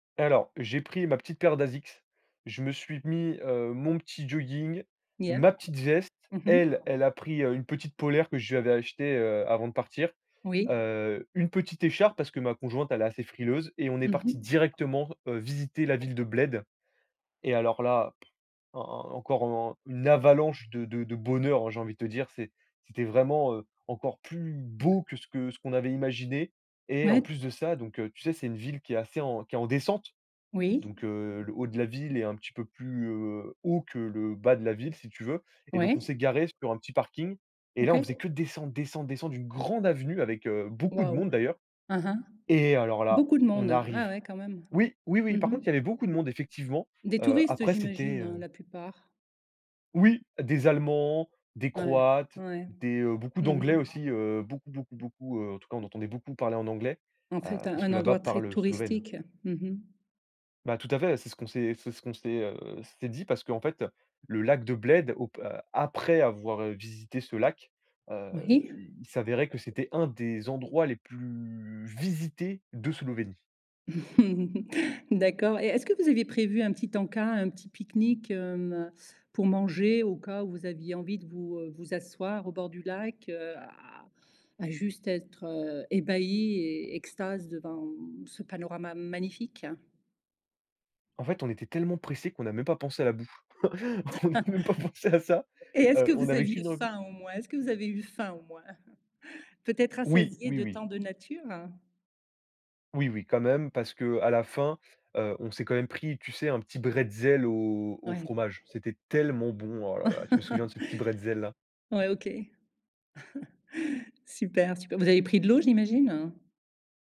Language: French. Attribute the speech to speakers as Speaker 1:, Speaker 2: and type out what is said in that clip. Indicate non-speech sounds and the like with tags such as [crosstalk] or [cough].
Speaker 1: Alors, j'ai pris ma petite paire d'Asics, je me suis mis, heu, mon petit jogging,
Speaker 2: Yeah
Speaker 1: ma petite veste.
Speaker 2: mmh mh.
Speaker 1: Elle, elle a pris, heu, une petite polaire que je lui avais achetée, heu, avant de partir.
Speaker 2: Oui.
Speaker 1: Heu, une petite écharpe parce que ma conjointe, elle est assez frileuse, et on est
Speaker 2: Mmh mh.
Speaker 1: parti directement, heu, visiter la ville de Bled. Et alors là [smacks lips] en encore un une avalanche de de de bonheur, j'ai envie de te dire, c'est c'était vraiment, heu, encore plus beau que ce que ce qu'on avait imaginé. Et en
Speaker 2: Ouais.
Speaker 1: plus de ça, donc, heu, tu sais, c'est une ville qui est assez en qui est en descente.
Speaker 2: Oui.
Speaker 1: Donc, heu, le haut de la ville est un petit peu plus, heu, haut que le bas de la ville, si tu veux et donc
Speaker 2: Ouais.
Speaker 1: on s'est garé sur un petit parking et là
Speaker 2: OK.
Speaker 1: on faisait que descendre, descendre, descendre d'une grande avenue avec, heu, beaucoup de
Speaker 2: Wouah!
Speaker 1: monde, d'ailleurs
Speaker 2: Hein, hein.
Speaker 1: et alors là,
Speaker 2: Beaucoup de
Speaker 1: on
Speaker 2: monde, ah
Speaker 1: arrive.
Speaker 2: ouais quand même.
Speaker 1: Oui, oui,
Speaker 2: Mmh
Speaker 1: oui, par
Speaker 2: mh.
Speaker 1: contre, il y avait beaucoup de monde effectivement.
Speaker 2: Des
Speaker 1: Heu,
Speaker 2: touristes
Speaker 1: après c'était,
Speaker 2: j'imagine, heu,
Speaker 1: heu
Speaker 2: la plupart?
Speaker 1: Oui des allemands, des
Speaker 2: Ouais,
Speaker 1: croates,
Speaker 2: ouais.
Speaker 1: des, heu, beaucoup
Speaker 2: Mmh
Speaker 1: d'anglais
Speaker 2: mh.
Speaker 1: aussi, heu, beaucoup, beaucoup, beaucoup, heu, en tout cas, on entendait beaucoup parler en anglais,
Speaker 2: En
Speaker 1: heu,
Speaker 2: fait, heu,
Speaker 1: parce
Speaker 2: un
Speaker 1: que là-bas
Speaker 2: endroit très
Speaker 1: parle, heu, Slovène.
Speaker 2: touristique. Mmh mh.
Speaker 1: Bah, tout à fait, c'est ce qu'on s'est c'est ce qu'on s'est, heu, s'est dit, parce qu'en fait, le lac de Bled op a après avoir, heu, visité ce lac, heu,
Speaker 2: Oui.
Speaker 1: il s'avérait que c'était un des endroits les plus visités de Slovénie.
Speaker 2: [chuckles] D'accord et est-ce que vous aviez prévu un petit en-cas, un petit pique-nique, hem, pour manger au cas où vous aviez envie de vous, heu, vous asseoir au bord du lac, heu, à à juste être, heu, ébahi et extase devant ce panorama magnifique?
Speaker 1: En fait, on était tellement pressé qu'on n'a même pas pensé à la bouffe. [chuckles] On n'a même pas pensé à ça.
Speaker 2: [chuckles] Et est-ce que
Speaker 1: Heu, on
Speaker 2: vous
Speaker 1: n'avait
Speaker 2: aviez
Speaker 1: qu'une envie
Speaker 2: faim au moins? Est-ce que vous avez eu faim au moins? [chuckles] Peut-être
Speaker 1: Oui,
Speaker 2: rassasié
Speaker 1: oui,
Speaker 2: de
Speaker 1: oui.
Speaker 2: tant de nature?
Speaker 1: Oui, oui, quand même, parce qu'à la fin, heu, on s'est quand même pris, tu sais, un petit bretzel au au
Speaker 2: Ouais.
Speaker 1: fromage. C'était tellement bon. Oh là la! Je me souviens de ce petit bretzel, là.
Speaker 2: [chuckles] Ouais, OK. [chuckles] Super, super, vous avez pris de l'eau j'imagine?